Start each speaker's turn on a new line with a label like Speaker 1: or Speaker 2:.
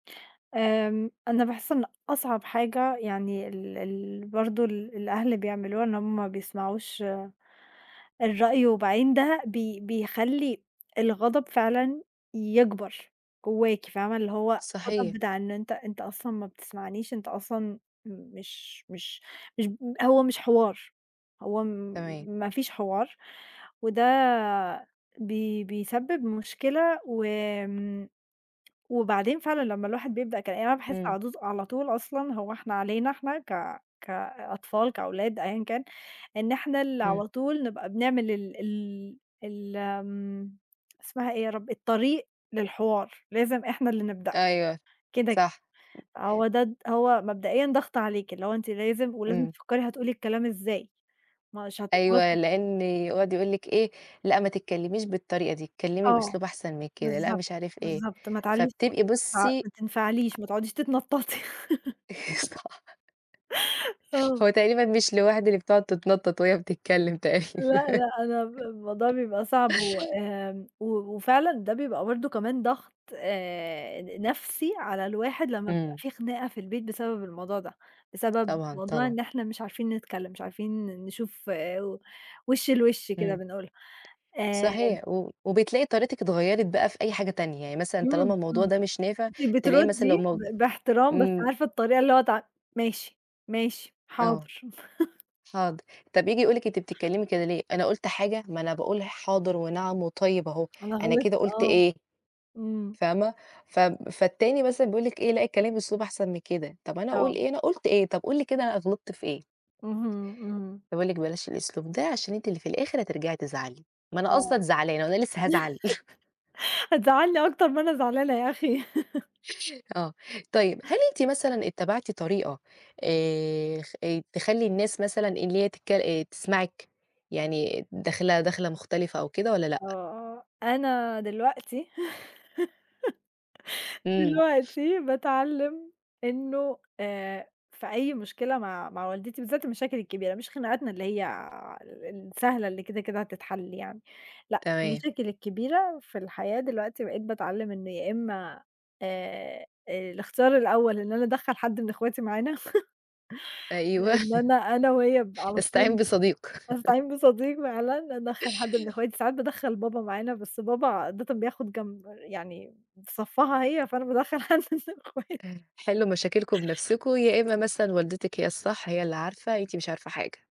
Speaker 1: آمم، أنا باحس إن أصعب حاجة يعني ال ال برضو ال الأهل بيعملولها إن هُم بيسمعوش الرأي، وبعدين ده بي بيخلّي الغضب فعلًا يكبر جوّاكِ، فاهمة؟ اللي هو غضب
Speaker 2: صحيح.
Speaker 1: بتاع إن أنت أنت أصلًا ما بتسمعنيش، أنت أصلًا مش مش مش ب هو مش حوار، هو
Speaker 2: تمام.
Speaker 1: ما فيش حوار، وده بي بيسبب مشكلة. وآمم، وبعدين فعلًا لمّا الواحد بيبدأ كلا يعني أنا باحس
Speaker 2: إمم.
Speaker 1: على طوز على طول أصلًا هو إحنا علينا احنا ك كأطفال كأولاد أيًا كان، إن إحنا اللي
Speaker 2: إمم.
Speaker 1: على طول نبقى بنعمل ال ال ال آمم، اسمها إيه يا رب؟ الطريق للحوار، لازم إحنا اللي نبدأ،
Speaker 2: أيوه،
Speaker 1: كده كده،
Speaker 2: صح. أ
Speaker 1: هو ده د هو مبدئيًا ضغط عليكِ، اللي هو أنتِ لازم ولازم
Speaker 2: إمم.
Speaker 1: تفكّري هتقولي الكلام إزاي، مش
Speaker 2: أيوه
Speaker 1: هتتواصلي
Speaker 2: لأن يقعد يقول لِك إيه؟ لأ، ما تتكلميش بالطريقة دي، اتكلمي
Speaker 1: آه،
Speaker 2: بأسلوب أحسن من كده، لأ
Speaker 1: بالضبط
Speaker 2: مش عارف إيه،
Speaker 1: بالضبط، ما تعلّيش
Speaker 2: فبتبقى
Speaker 1: صوتِك، ما تنف
Speaker 2: بُصي
Speaker 1: ما
Speaker 2: أ
Speaker 1: تنفعليش، ما تقعديش تتنططي.
Speaker 2: صح.
Speaker 1: آه.
Speaker 2: هو تقريبًا مش لوحدي اللي بتُقعُد تننطط وهي بتتكلم
Speaker 1: لأ
Speaker 2: تقريبًا.
Speaker 1: لأ، أنا ب الموضوع بيبقى صعب، وآمم، و وفعلًا ده بيبقى برضو كمان ضغط آآ، ن نَفسي على الواحد لمّا بتبقى
Speaker 2: إمم.
Speaker 1: في خناقة في البيت بسبب الموضوع ده، بسبب
Speaker 2: طبعًا،
Speaker 1: موضوع
Speaker 2: طبعًا.
Speaker 1: إن إحنا مش عارفين نتكلم، مش عارفين نشوف و وشّ لوش كده
Speaker 2: إمم.
Speaker 1: بنقولها، آآ
Speaker 2: صحيح، و وبتلاقي طريقتِك اتغيّرِت بقى في أي حاجة تانية، يعني مثلًا طالما
Speaker 1: إمم،
Speaker 2: الموضوع
Speaker 1: إمم.
Speaker 2: ده مش نافع
Speaker 1: أنتِ
Speaker 2: تلاقي مثلًا لو
Speaker 1: بترُدّي
Speaker 2: مو
Speaker 1: ب باحترام، بس
Speaker 2: إمم.
Speaker 1: عارفة الطريقة اللي هو تع ماشي، ماشي،
Speaker 2: آه،
Speaker 1: حاضر.
Speaker 2: حاضر، طَب ييجي يقول لِك أنتِ بتتكلمي كده ليه؟ أنا قُلت حاجة؟ ما أنا باقول حاضر ونعم وطيب أهُه،
Speaker 1: أنا
Speaker 2: أنا
Speaker 1: غِلِطت
Speaker 2: كده قُلت
Speaker 1: آه.
Speaker 2: إيه؟
Speaker 1: إمم.
Speaker 2: فاهمة؟ فب فالتاني مثلًا بيقول لِك إيه؟ لأ اتكلِّمي بأسلوب أحسن من كده، طب أنا أقول
Speaker 1: آه.
Speaker 2: إيه، أنا قُلت إيه، طب قُل لي كده أنا غلطت في إيه؟
Speaker 1: اهم، إمم.
Speaker 2: فبيقول لِك بلاش الأسلوب ده، عشان أنتِ اللي في الآخر هترجعي تزعلي! ما أنا أصلًا
Speaker 1: آه.
Speaker 2: زعلانة وأنا لسه هازعل!
Speaker 1: هتزَعّلني أكتر ما أنا زعلانة يا أخي.
Speaker 2: آه، طيب، هل أنتِ مثلًا اتّبعتِ طريقة آآ، خ آآ، تخلّي الناس مثلًا اللي هي تتكل آآ، تسمعِك؟ يعني داخلة دخلة مختلفة أو كده والّا لأ؟
Speaker 1: آه، آه، أنا دلوقتي
Speaker 2: إمم.
Speaker 1: دلوقتي باتعلّم إنه آآ، في أي مشكلة مع مع والدتي بالذات المشاكل الكبيرة، مش خناقاتنا اللي هي ال السهلة اللي كده كده هتتحل يعني، لأ
Speaker 2: تمام.
Speaker 1: المشاكل الكبيرة في الحياة، دلوقتي بقيت باتعلّم إن يا إما آآ، آآ، الاختيار الأول إن أنا أدَخّل حدّ من اخواتي معانا
Speaker 2: أيوه.
Speaker 1: لأن أنا أنا وهي بنبقى على
Speaker 2: أستعين
Speaker 1: طول
Speaker 2: بصديق.
Speaker 1: أستعين بصديق فعلًا، أدَخّل حد من اخواتي، ساعات بادَخّل بابا معانا، بس بابا عادةً بياخد جمب يعني في صفّها هي، فأنا بادَخّل حدّ من أخواتي.
Speaker 2: آآ، حِلّوا مشاكلكم بنفسكم، يا إمّا مثلًا والدتِك هي الصّح، هي اللي عارفة، أنتِ مش عارفة حاجة.